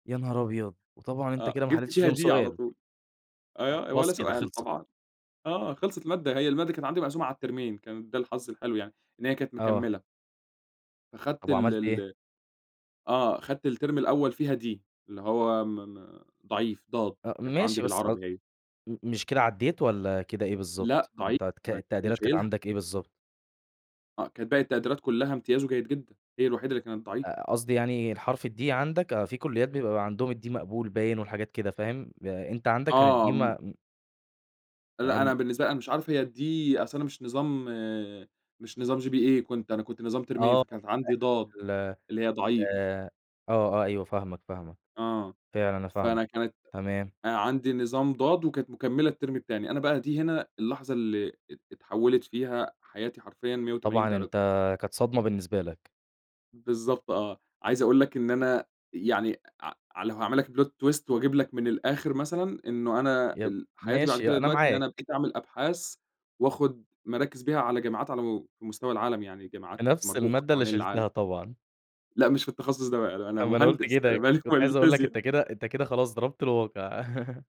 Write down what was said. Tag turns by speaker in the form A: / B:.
A: يا نهار أبيض! وطبعًا أنت
B: آه،
A: كده ما
B: جِبت
A: حليتش
B: فيها
A: فيهم
B: D على
A: سؤال.
B: طول أيوَه آآ ولا
A: خلاص كده،
B: سؤال
A: خلصت
B: طبعًا آه خلصت المادة، هي المادة كانت عندي مقسومة على الترمين كان ده الحظ الحلو يعني إن هي كانت
A: آه.
B: مكملة.
A: طب
B: أخدت ال
A: وعملت إيه؟
B: ال آه، أخدت الترم الأوّل فيها D اللي هو م-م ضعيف ضاد،
A: آآ،
B: كانت عندي
A: ماشي بس مش قص
B: بالعربي هي.
A: ام مش كده عديت؟ والّا كده إيه
B: لأ
A: بالضبط؟
B: ضعيف،
A: أنت القديرات أنت ك
B: أنا كنت
A: التقديرات كانت
B: شايلها.
A: عندك إيه بالضبط؟
B: آه كانت باقي التقديرات كلّها امتياز وجيد جدًا، هي الوحيدة اللي كانت
A: ق
B: ضعيف.
A: قصدي يعني الحرف الD عندك في كليات بيبقى عندهم الD مقبول باين والحاجات كده فاهم؟ أ أنت عندك كان الD
B: آه، م
A: م
B: لأ
A: امم.
B: أنا بالنسبة لي أنا مش عارف هي الD أصل أنا مش نظام مش نظام GPA كنت أنا كنت نظام ترمين
A: آه. [unintelligible]
B: فكانت عندي ضاد،
A: ال آآ،
B: اللي هي ضعيف.
A: آه، آه، أيوه فاهمك، فاهمك،
B: آه،
A: فعلًا أنا فاهمك،
B: فأنا كانت
A: تمام.
B: عندي نظام ضاد وكانت مكملة الترم التاني، أنا بقى دي هنا اللحظة اللي ات اتحولت فيها حياتي حرفيًا مِيَّة وتمانين
A: طبعًا أنت
B: درجة.
A: كانت صدمة بالنسبة لك.
B: بالضبط آه، عايز أقول لك إن أنا يعني ع ع لو هاعمل لك plot twist وأجيب لك من الآخر مثلًا، إنّه أنا
A: يب
B: ال حياتي بعد
A: ماشي
B: كده
A: أنا
B: دلوقتي إن أنا
A: معاك.
B: بقيت أعمل أبحاث وآخد مراكز بيها على جاماعات على م مستوى العالم يعني
A: في
B: جاماعات
A: نفس
B: مرموقة
A: المادة اللي
B: حوالين العالم.
A: شِلتها طبعًا؟
B: لا مش في التخصص ده بقى، لا أنا
A: طب ما أنا قلت
B: مهندس أنا
A: كده،
B: مالي و
A: كنت
B: مال
A: عايز أقول لك
B: الفيزيا؟
A: أنت كده أنت كده خلاص ضربت الواقع.